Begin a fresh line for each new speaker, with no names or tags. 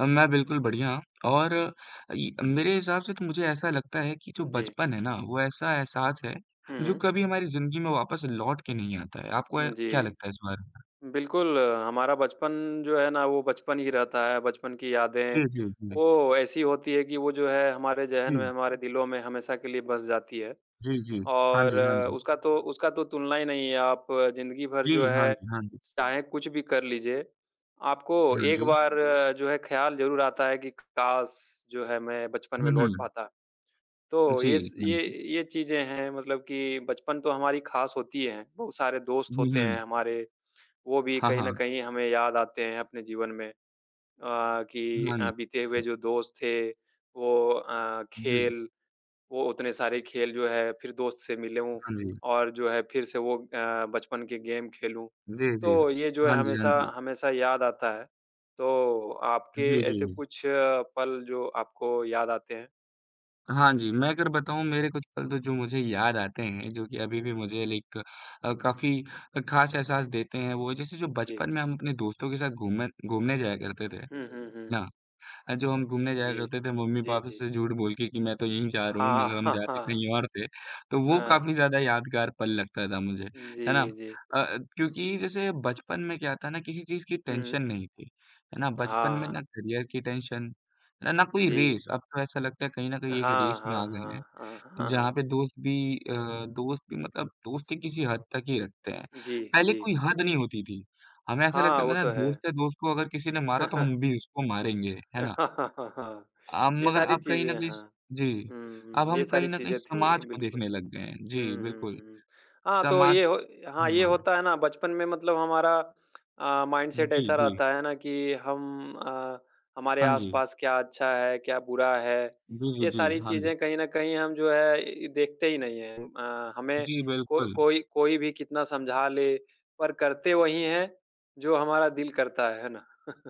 अ, मैं बिल्कुल बढ़िया और इ मेरे हिसाब से तो मुझे ऐसा लगता है कि जो
जी।
बचपन है ना, वो ऐसा एहसास है,
हुँ,
जो
हुँ।
कभी हमारी जिंदगी में वापस लौट के नहीं आता है। आपको ए,
उम,
क्या
जी।
लगता है इस बारे में?
बिल्कुल, हमारा बचपन जो है ना वो बचपन ही रहता है, बचपन की यादें
जी, जी, जी।
वो ऐसी होती हैं कि वो जो है हमारे जहन में,
जी।
हमारे दिलों में हमेशा के लिए बस जाती है
जी, जी। हाँ
और
जी, हाँ जी।
उसका तो उसका तो तुलना ही नहीं है। आप अ, ज़िंदगी भर जो
जी। हाँ
है
जी, हाँ जी।
चाहे कुछ भी कर लीजिए, आपको
हाँ
एक
जी।
बार जो है ख़याल ज़रूर आता है कि काश जो है मैं बचपन
हुँ,
में लौट
हुँ।
पाता। तो ये
जी,
स
हाँ
ये
जी।
ये चीजें हैं मतलब कि बचपन तो हमारी खास होती है, बहुत सारे दोस्त
हुँ,
होते हैं
हुँ।
हमारे, वो भी
हाँ,
कहीं न
हाँ।
कहीं हमें याद आते हैं अपने जीवन में अ, कि
हाँ
अ,
जी।
बीते हुए जो दोस्त थे वो अ,
जी।
खेल वो उतने सारे खेल जो है फिर दोस्त से मिलूँ
हाँ जी।
और जो है फिर से वो अ, बचपन के गेम खेलूँ,
जी, जी।
तो ये जो है
हाँ जी, हाँ
हमेशा
जी।
हमेशा याद आता है, तो आपके
जी,
ऐसे
जी।
कुछ अ, पल जो आपको याद आते हैं?
हाँ जी, मैं अगर बताऊँ मेरे कुछ पल तो जो मुझे याद आते हैं, जो कि अभी
हुँ,
भी
हुँ।
मुझे लाइक अ, काफ़ी अ, खास एहसास देते हैं वो जैसे जो
जी।
बचपन में हम अपने दोस्तों के साथ घूमन घूमने जाया करते थे। है
हुँ, हुँ,
ना?
हुँ।
अ, जो हम घूमने जाया
जी,
करते थे
जी,
मम्मी-पापा
जी।
से झूठ बोल के कि मैं तो यहीं जा रहा हूँ,
हाँ,
मगर हम जाते
हाँ।
कहीं और थे तो वो
हाँ।
काफ़ी ज़्यादा यादगार पल लगता था मुझे। है ना?
जी, जी।
अ अ, क्योंकि जैसे बचपन में क्या होता है ना, किसी चीज़ की
हुँ।
टेंशन नहीं थी, है ना? बचपन में
हाँ।
ना करियर की टेंशन न ना कोई
जी।
रेस। अब तो ऐसा लगता है कहीं न कहीं एक रेस
हाँ,
में आ
हाँ,
गए हैं,
हाँ, हाँ,
जहाँ
हाँ।
पे दोस्त भी अ, दोस्त भी मतलब दोस्ती किसी हद तक ही रखते हैं,
जी,
पहले
जी।
कोई हद नहीं होती थी, हमें ऐसा
हाँ,
लगता था
वो
ना
तो है।
दोस्त है, दोस्त को अगर किसी ने मारा तो हम भी उसको मारेंगे। है ना? अ,
ये
मगर
सारी
अब कहीं न
चीजें
कहीं
हाँ।
स जी,
हुँ,
अब
हुँ,
हम
ये
कहीं
सारी
न कहीं
चीज़ें
समाज
थीं
को
बिल्कुल।
देखने लग गए हैं। जी,
हुँ, हुँ,
बिल्कुल।
हुँ। हाँ, तो
समाज
ये हो हाँ, ये
हाँ।
होता है ना बचपन में मतलब हमारा अ,
उम,
माइन्डसेट
जी,
ऐसा
जी।
रहता है ना कि हम अ, हमारे
हाँ जी।
आस-पास क्या अच्छा है, क्या बुरा है,
जी, जी,
ये
जी।
सारी
हाँ जी।
चीजें कहीं न कहीं हम जो है देखते ही नहीं हैं अ, हमें
जी,
को
बिल्कुल।
कोई कोई भी कितना समझा ले पर करते वही हैं जो हमारा दिल करता है, है ना?